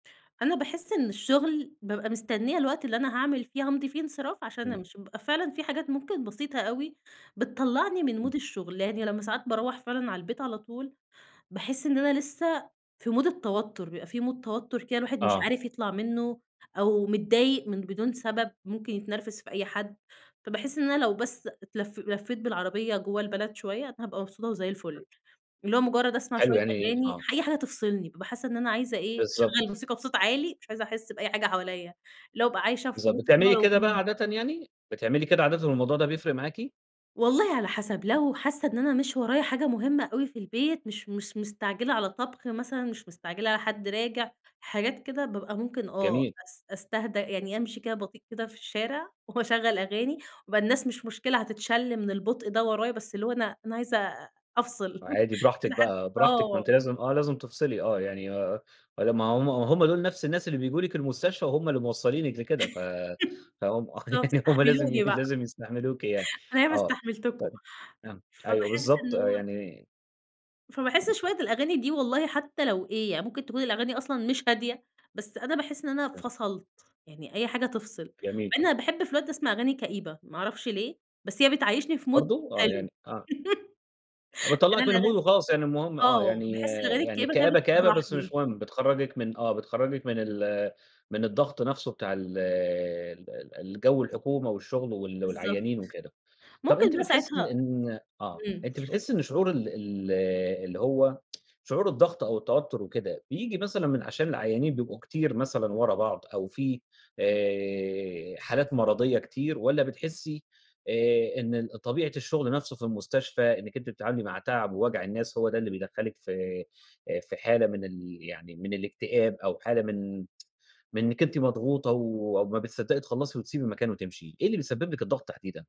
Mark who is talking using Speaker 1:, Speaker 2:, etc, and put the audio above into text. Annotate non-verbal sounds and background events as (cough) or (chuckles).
Speaker 1: أنا باحس إن الشغل، بابقى مستنية الوقت اللي أنا هاعمل فيه هامضي فيه انصراف عشان
Speaker 2: إمم.
Speaker 1: أمشِي، بيبقى فعلًا في حاجات ممكن بسيطة أوي بتطلّعني من
Speaker 2: إمم.
Speaker 1: mood الشغل، يعني لمّا ساعات باروّح فعلًا على البيت على طول، باحس إن أنا لسه في mood التوتُّر، بيبقى في mood توتُّر كده الواحد مش
Speaker 2: آه.
Speaker 1: عارف يطلَع مِنُّه أو متضايق من بدون سبب، ممكن يتنرفز في أي حد، فباحس إن أنا لو بس اتلف لفّيت بالعربية جوَّه البلد شوية، أنا هابقى مبسوطة وزي الفُل، اللي هو مُجرّد أسمَع
Speaker 2: حلو،
Speaker 1: شوية
Speaker 2: يعني
Speaker 1: أغاني،
Speaker 2: آه.
Speaker 1: أي حاجة تفصِلني بابقى حاسة إن أنا عايزة إيه، أشغّل
Speaker 2: بالضبط.
Speaker 1: موسيقى بصوت عالي، مش عايزة أحس بأي حاجة حواليا، اللي هو أبقى عايشة في
Speaker 2: بالضبط،
Speaker 1: mood
Speaker 2: بتعملي كده بقى
Speaker 1: أنا (unintelligible)
Speaker 2: عادةً يعني، بتعملي كده عادةً والموضوع ده بيفرِق معاكِ؟
Speaker 1: والله على حسب، لو حاسّة إن أنا مش ورايا حاجة مهمة أوي في البيت مش مس مستعجِلة على طبْخ مثلًا، مش مستعجِلة على حد راجِع، حاجات كده، بابقى ممكن آه
Speaker 2: جميل.
Speaker 1: أس أستهدى يعني أمشِي كده بطيئ كده في الشارع (chuckles) وأشغّل أغاني وبقى الناس مش مشكلة، هتتشلّ من البُطء ده ورايا، بس اللي أنا أنا عايزة أفصِل (laughs)
Speaker 2: وعادي
Speaker 1: مش
Speaker 2: براحتِك
Speaker 1: عايزة حد
Speaker 2: بقى، براحتِك، ما أنتِ
Speaker 1: آه.
Speaker 2: لازم آه، لازم تفصِلي، آه يعني آآ ما لمّا هُم وهُم دول نفْس الناس اللي بييجوا لِك المستشفى، وهُم اللي موصّلينِك لكده ف
Speaker 1: (giggles)
Speaker 2: فهُم
Speaker 1: بالضبط،
Speaker 2: يعني هُم لازم ي
Speaker 1: استحملوني بقى.
Speaker 2: لازم يستحملوكِ يعني،
Speaker 1: أنا ياما
Speaker 2: آه،
Speaker 1: استحملتكم.
Speaker 2: طَب آه، أيوه
Speaker 1: فباحس
Speaker 2: بالضبط،
Speaker 1: إن
Speaker 2: آآ
Speaker 1: هو
Speaker 2: يعني
Speaker 1: فباحس
Speaker 2: (unintelligible)
Speaker 1: شوية الأغاني دي والله حتى لو إيه، يعني ممكن تكون الأغاني أصلًا مش هادية، بس أنا باحس إن أنا
Speaker 2: (unintelligible)
Speaker 1: فصَلت، يعني أي حاجة تفصِل، مع
Speaker 2: جميل.
Speaker 1: إن أنا باحب في الوقت ده أسمَع أغاني كئيبة ما أعرفش ليه، بس هي بتعيّشني في mood
Speaker 2: برضه؟ آه،
Speaker 1: حلو
Speaker 2: يعني آه.
Speaker 1: (laughs) أنا
Speaker 2: بتطلّعِك من الmood
Speaker 1: الاغا
Speaker 2: وخلاص، يعني المهم، آه،
Speaker 1: آه،
Speaker 2: يعني
Speaker 1: باحس الاغاني
Speaker 2: يعني
Speaker 1: الكئيبة كده
Speaker 2: كآبة، كآبة بس
Speaker 1: بتفرّحني.
Speaker 2: مش مهم، بتخرّجِك من آه بتخرّجِك من ال من الضغط نفْسه بتاع ال ال ال الجو الحكومة والشغل وال
Speaker 1: بالضبط.
Speaker 2: والعيّانين وكده. طَب
Speaker 1: ممكن
Speaker 2: أنتِ
Speaker 1: بقى
Speaker 2: بتحسّي إن
Speaker 1: ساعتها
Speaker 2: إن آه،
Speaker 1: إمم.
Speaker 2: أنت بتحسّي إن شعور ال ال اللي هو (tsk) شعور الضغط أو التوتُّر وكده بييجي مثلًا من عشان العيّانين بيبقوا كتير مثلًا ورا بعض أو في آآ حالات مَرَضيّة كتير، والّا بتحسّي آآ إن ال طبيعة الشغل نفْسه في المستشفى إنك أنتِ بتتعاملي مع تعَب ووجَع الناس هو ده اللي بيدخّلِك في، آآ في حالة من ال يعني من الإكتئاب أو حالة من (tsk) من إنِك أنتِ مضغوطة و وما بتصدّقي تخلّصي وتسيبي المكان وتمشي، إيه اللي بيسبّب لِك الضغط تحديدًا؟